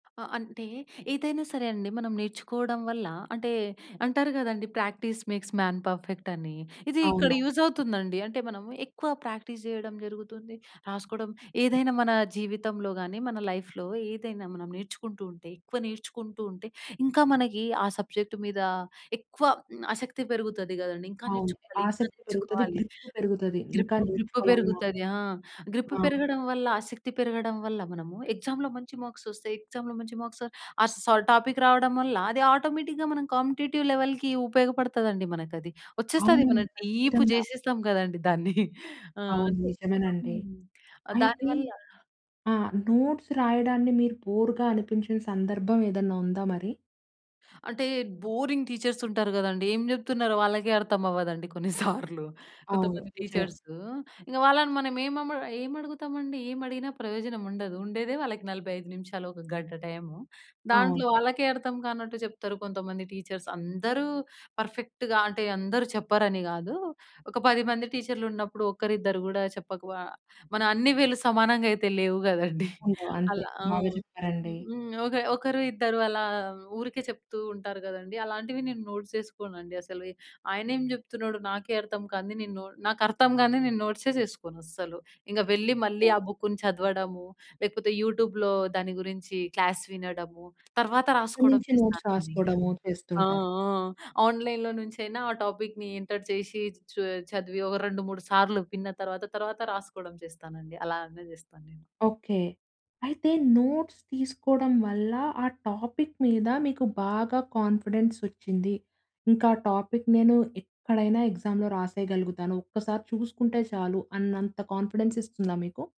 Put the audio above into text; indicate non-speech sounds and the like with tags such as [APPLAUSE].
ఆహ్, అంటే ఏదైనా సరే అండి, మనం నేర్చుకోవడం వల్ల అంటే అంటారు గదండీ 'ప్రాక్టీస్ మేక్స్ మాన్ పర్ఫెక్ట్' అని. ఇది ఇక్కడ అవును. యూజ్ అవుతుందండి. అంటే మనము, ఎక్కువ ప్రాక్టీస్ జేయడం జరుగుతుంది, రాసుకోవడం, ఏదైనా మన జీవితంలో గాని, మన లైఫ్‌లో ఏదైనా మనం నేర్చుకుంటూ ఉంటే, ఎక్కువ నేర్చుకుంటూ ఉంటే ఇంకా మనకి ఆ సబ్జెక్ట్ మీద ఎక్కువ ఆసక్తి పెరుగుతది గదండీ. ఇంకా అవును. నేర్చుకోవాలి, ఇంకా ఆసక్తి పెరుగుతది. నేర్చుకోవాలి. గ్రిప్ పెరుగుతది. ఇంకా గ్రిప్పు గ్రిప్ నేర్చుకోవాలన్నా పెరుగుతది ఆ! గ్రిప్పు ఆ! పెరగడం వల్ల, ఆసక్తి పెరగడం వల్ల మనము ఎక్సామ్‌లో మంచి మార్క్స్ ఒస్తాయి. ఎక్సామ్‌లో మంచి మార్క్స్, ఆ సా టాపిక్ రావడం వల్ల, అది ఆటోమేటిక్‌గా మనం కాంపిటీటివ్ లెవెల్‌కి ఉపయోగపడతదండి మనకది. ఒచ్చేస్తది. అవునండి. మనం డీప్ ఖచ్చితంగా. జేసేస్తాం గదండీ దాన్ని. [CHUCKLES] ఆ! అవును. అంటే నిజమేనండి. హ్మ్. ఆహ్, అయితే దానివల్ల ఆ! నోట్స్ రాయడాన్ని మీరు బోర్‌గా అనిపించిన సందర్భం ఏదన్నా ఉందా మరి? అంటే, బోరింగ్ టీచర్స్ ఉంటారు గదండీ. ఏం జెప్తున్నారో వాళ్ళకే అర్థమవ్వదండి కొన్ని [CHUCKLES] సార్లు. అవును. కొంతమంది నిజమే. టీచర్స్, ఇంగ వాళ్ళని మనం ఏమమ ఏం అడుగుతామండి? ఏం అడిగినా ప్రయోజనం ఉండదు. ఉండేదే వాళ్ళకి 45 నిమిషాలు, 1 గంట టైము. అవును. దాంట్లో వాళ్ళకే అర్థం కానట్టు జెప్తారు కొంతమంది టీచర్స్. అందరూ పర్ఫెక్ట్‌గా అంటే అందరూ చెప్పరని గాదు. ఒక 10 మంది టీచర్లున్నప్పుడు, ఒకరిద్దరు గూడా చెప్పకు ఆహ్, మన అన్ని వేళ్ళు సమానంగా అయితే లేవు గదండీ. ఉండవు. [CHUCKLES] అంతే. అలా ఆ! బాగా చెప్పారండి. హ్మ్. ఒక ఒకరు, ఇద్దరు అలా ఊరికే చెప్తూ ఉంటారు గదండీ. అలాంటివి నేను నోట్స్ జేసుకోనండి అసలు. ఆయనేం జెప్తున్నాడు నాకే అర్థం కానిది నేను నొ నాకర్థం గానిది నేను నోట్సే జేసుకోను అసలు. ఇంగ వెళ్లి, మళ్ళీ ఆ! ఆ బుక్‌ని చదవడము, లేకపోతే యూట్యూబ్‌లో దాని గురించి క్లాస్ వినడము, తర్వాత అక్కడి రాసుకోవడం నుంచి నోట్స్ చేస్తానండి. రాసుకోవడము ఆ! చేస్తుంటారు. ఆ! ఆన్‌లైన్‌లో నుంచైనా ఆ టాపిక్‌ని ఎంటర్ చేసి, చు చదివి, ఒక రెండు మూడు సార్లు విన్న తర్వాత, తర్వాత రాసుకోవడం చేస్తానండి. అలానే చేస్తాను నేను. ఓకే. అయితే నోట్స్ తీసుకోవడం వల్ల, ఆ టాపిక్ మీద మీకు బాగా కాన్ఫిడెన్స్ ఒచ్చింది. ఇంకా టాపిక్‌ని నేను ఎక్కడైనా ఎగ్జామ్‌లో రాసేయగలుగుతాను. ఒక్కసారి చూసుకుంటే చాలు. అన్నంత కాన్ఫిడెన్స్ ఇస్తుందా మీకు?